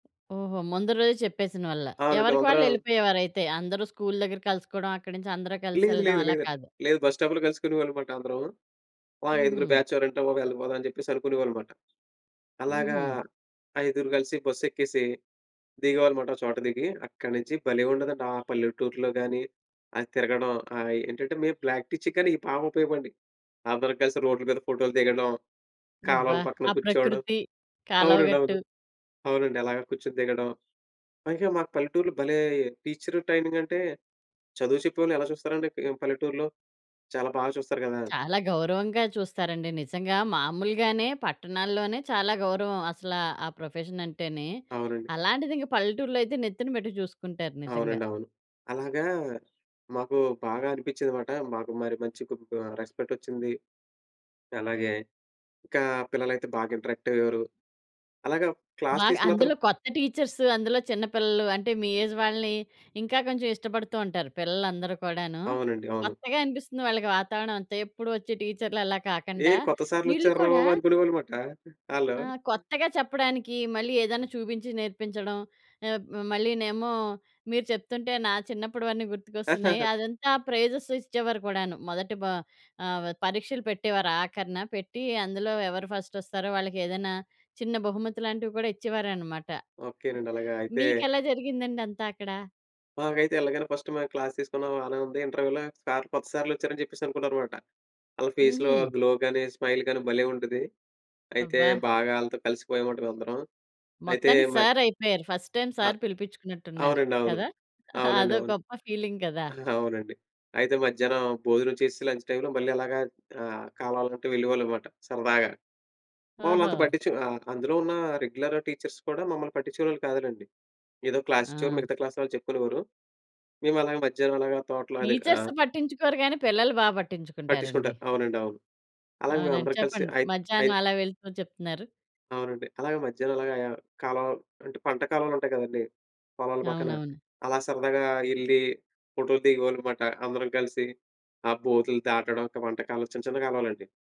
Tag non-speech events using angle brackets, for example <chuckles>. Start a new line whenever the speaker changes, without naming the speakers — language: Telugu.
ఓహో! ముందు రోజే చెప్పేసినవల్ల.
అవును.
ఎవరికి వాళ్ళు
మేమందరం
వెళ్ళిపోయేవారయితే అందరు స్కూల్ దగ్గర కలుసుకోవడం అక్కడ నుంచి అందరు
లేదు.
కలిసెళ్ళడం
లేదు.
అలా
లేదండి.
కాదు.
లేదు. బస్ స్టాప్‌లో కలుసుకునేవాళ్ళన్నమాట అందరం. ఆ! ఐదుగురు
హుహు.
బ్యాచ్ ఎవరంటే బాబు వెళ్ళిపోదాం అని చెప్పేసి అనుకునేవాళ్ళన్నమాట. అలాగా
హుహు.
ఐదుగురు కలిసి బస్సెక్కేసి దిగేవాళ్లమాట. ఒక చోట దిగి అక్కడ్నుంచి భలే ఉండేదండి. ఆ పల్లెటూరులో గాని అది తిరగడం, ఆహ్, ఏంటంటే మేము ప్రాక్టీస్ చేసినవిక్కడ బాగుపయోగపడినయి అందరం కలిసి రోడ్‌ల మీద ఫోటో‌లు దిగడం,
అబ్బా!
కాలవల పక్కన
ఆ
కూర్చోవడం
ప్రకృతి,
అవునండి.
కాలవగట్టు.
అవును. అవునండి. అలాగే కూర్చొని దిగడం. పైగా మాకు పల్లెటూర్‌లో భలే! టీచరు ట్రైనింగ్ అంటే చదువు చెప్పేవాళ్ళని ఎలా చూస్తారండి ఆహ్, పల్లెటూరులో? చాలా బాగా చూస్తారు గదా?
చాలా గౌరవంగా చూస్తారండి. నిజంగా మామూలుగానే పట్టణాల్లోనే చాలా గౌరవం అసలా ఆ ప్రొఫెషన్ అంటేనే.
అవునండి.
అలాంటిది ఇంకా పల్లెటూరులో అయితే నెత్తిన పెట్టి చూసుకుంటారు నిజంగా.
అవునండి. అవును. అలాగా మాకు బాగా అనిపించిందన్నమాట. మాకు మరి మంచి కుం రెస్పెక్టొచ్చింది. అలాగే ఇంకా పిల్లలైతే బాగా ఇంటరాక్ట్ అయ్యేవారు. అలాగే క్లాస్
బాగా
తీసుకున్న ప్ర
అందులో కొత్త టీచర్సు అందులో చిన్న పిల్లలు అంటే మీ ఏజ్ వాళ్ళని ఇంకా కొంచెం ఇష్టపడుతూ ఉంటారు పిల్లలు అందరూ కూడాను.
అవునండి. అవును.
కొత్తగా అనిపిస్తుంది వాళ్ళకి వాతావరణమంతా. ఎప్పుడు వచ్చే టీచ్చర్‌లలా
ఏ
కాకండా.
కొత్త సార్‌లు
వీళ్ళు
వచ్చార్రా
కూడా
బాబు అనుకునేవాళ్ళుమాట ఆళ్ళు.
ఆ! కొత్తగా చెప్పడానికి మళ్ళీ ఏదైనా చూపించి నేర్పించడం. ఆబ్ మళ్ళీనేమో మీరు చెప్తుంటే నా చిన్నప్పుడువన్నీ గుర్తుకొస్తున్నాయి.
<chuckles>
అదంతా ప్రైజెస్ ఇచ్చేవారు కూడాను. మొదటి బా ఆహ్, పరీక్షలు పెట్టేవారు ఆఖరిన పెట్టి అందులో ఎవరు ఫస్టొస్తారో వాళ్ళకి ఏదైనా చిన్న బహుమతి లాంటివి కూడా ఇచ్చేవారన్నమాట.
ఓకే
<giggles>
నండి. అలాగా అయితే
మీకెలా జరిగిందండి అంతా అక్కడ?
మాకైతే ఎళ్ళగానే ఫస్ట్ మేం క్లాస్ తీసుకున్నాం బానే ఉంది. ఇంటర్వ్యూలో సార్ కొత్త సార్‌లొచ్చారని చెప్పేసి అనుకున్నారమాట. ఆళ్ళ ఫేస్‌లో
హుహు.
గ్లో గాని, స్మైల్ గాని భలే ఉండేది. అయితే
అబ్బా!
బాగా ఆళ్ళతో కలిసిపోయమమాట అందరం. అయితే
మొత్తానికి
మ
సార్ అయిపోయారు. ఫస్ట్ టైమ్
అ!
సార్ పిలిపించుకున్నట్టున్నారు,
అవునండి. అవును.
కదా! <giggles>
అవునండి.
అదో
అవును.
గొప్ప ఫీలింగ్ కదా!
<giggles> అవునండి. అయితే మధ్యాహ్నం భోజనం చేసి లంచ్ టైమ్‌లో మళ్ళీ అలాగా ఆహ్, కాలవల గట్టు వెళ్ళేవాళ్ళమాట సరదాగా. మమ్మలంతా
ఓహో!
పట్టించుకు అందులో ఉన్న రెగ్యులర్ టీచర్స్ కూడా మమ్మల్ని పట్టించుకునేవాళ్ళు కాదులెండి. ఏదో క్లాసిచ్చేవారు.
ఆ!
మిగతా క్లాస్ వాళ్ళు చెప్పుకునేవారు. మేము అలాగ మధ్యాహ్నం అలాగా తోటలో అది ఆ!
టీచర్స్ పట్టించుకోరు గానీ పిల్లలు బాగా పట్టించుకుంటారండి.
పట్టించుకుంటారు. అవునండి. అవును. అలాగే
అవునండి.
మేమందరం కలిసి
చెప్పండి.
అయి అయి
మధ్యాహ్నం అలా వెళ్తూ చెప్తున్నారు.
అవునండి. అలాగే మధ్యాహ్నం అలాగా కాలువలు అంటే పంట కాలువలుంటాయి కదండీ! పొలాల పక్కన
అవునవును.
అలా సరదాగా ఎళ్లి ఫోటో‌లు దిగేవాళ్ళమాట. అందరం కలిసి, ఆ బోటులు దాటడం, అక్కడ పంటకాలవ, చిన్న చిన్న కాలువలండి.